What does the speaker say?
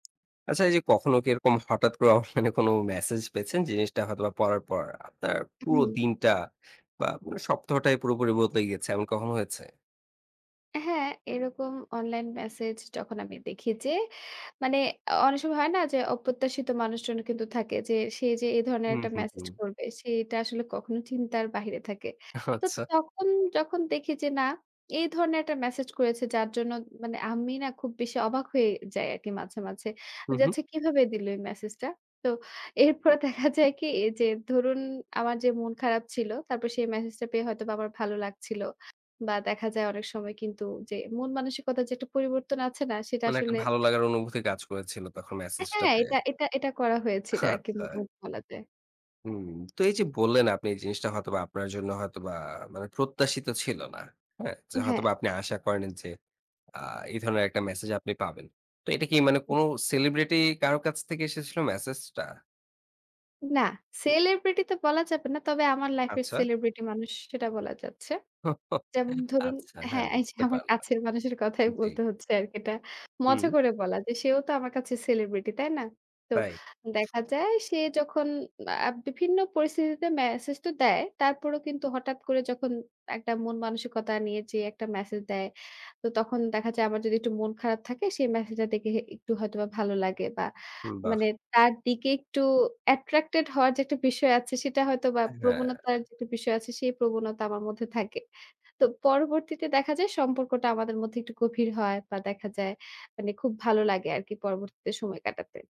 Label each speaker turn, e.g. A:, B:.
A: আচ্ছা, এইযে কখনো কি এরকম হঠাৎ করে অনলাইনে কোনো মেসেজ পেয়েছেন, জিনিসটা হয়তোবা পড়ার পর আপনার
B: উ
A: পুরো
B: হুম।
A: দিনটা বা মানে সপ্তাহটাই পুরোপুরি বদলে গিয়েছে। এমন কখনো হয়েছে?
B: হ্যাঁ, এরকম অনলাইন মেসেজ যখন আমি দেখি যে মানে, অনেক সময় হয় না? যে, অপ্রত্যাশিত মানুষজন কিন্তু থাকে যে, সে যে এ ধরনের
A: হু,
B: একটা
A: হু,
B: মেসেজ
A: হু।
B: করবে সেটা আসলে কখনো চিন্তার বাইরে থাকে। তো
A: আচ্ছা।
B: তখন যখন দেখি যে না, এই ধরনের একটা মেসেজ করেছে যার জন্য মানে, আমি না? খুব বেশি অবাক হয়ে যাই আরকি মাঝে, মাঝে।
A: হু,
B: যে,
A: হু।
B: "আচ্ছা কিভাবে দিলো এই মেসেজটা?" তো এরপরে দেখা যায় কি? এ যে ধরুন আমার যে মন খারাপ ছিল, তারপর সেই মেসেজটা পেয়ে হয়তোবা আমার ভালো লাগছিল। বা দেখা যায় অনেক সময় কিন্তু যে মন-মানসিকতার যে একটা পরিবর্তন আছে না? সেটা
A: মানে একটা
B: আসলে
A: ভালো লাগার অনুভূতি কাজ করেছিল তখন
B: অ্যা
A: মেসেজটা
B: হ্যাঁ,
A: পেয়ে।
B: এটা এটা এটা করা হয়েছিল আরকি
A: আচ্ছা।
B: মোটামুটি বলা যায়।
A: হুম, তো এইযে
B: উ
A: বললেন আপনি জিনিসটা হয়তোবা আপনার জন্য হয়তোবা মানে প্রত্যাশিত ছিল না, হ্যাঁ? যে
B: হ্যাঁ।
A: হয়তোবা আপনি আশা করেননি যে আ এই ধরনের একটা মেসেজ আপনি পাবেন। তো এটা কি মানে
B: হু।
A: কোনো সেলিব্রিটি কারো কাছ থেকে এসেছিল মেসেজ টা?
B: না, সেলিব্রিটি তো বলা যাবে না। তবে আমার লাইফ এর
A: আচ্ছা।
B: সেলিব্রিটি মানুষ সেটা বলা যাচ্ছে। যেমন ধরুন
A: আচ্ছা, হ্যাঁ
B: হ্যাঁ, এইযে
A: বুঝতে
B: আমার
A: পারলাম।
B: কাছের মানুষের কথাই
A: জ্বী।
B: বলতে হচ্ছে আরকি এটা,
A: হুম।
B: মজা করে বলা যে সেও তো আমার কাছে সেলিব্রিটি, তাই না? তো
A: প্রায়।
B: দেখা যায় সে যখন আ বিভিন্ন পরিস্থিতিতে মেসেজ তো দেয়। তারপরও কিন্তু হঠাৎ করে যখন একটা মন-মানসিকতা নিয়ে যে একটা মেসেজ দেয়। তো তখন দেখা যায় আমার যদি একটু মন খারাপ থাকে সে মেসেজটা দেখে হে একটু হয়তোবা ভালো লাগে বা
A: উম বাহ।
B: মানে তার দিকে একটু অ্যাট্রাক্টেড হওয়ার যে একটা বিষয় আছে সেটা হয়তোবা
A: অ্যা হ্যাঁ।
B: প্রবণতার যে একটা বিষয় আছে, সেই প্রবণতা আমার মধ্যে থাকে। তো পরবর্তীতে দেখা যায় সম্পর্কটা আমাদের মধ্যে একটু গভীর হয় বা দেখা যায়। মানে খুব ভালো লাগে আরকি পরবর্তীতে সময় কাটাতে।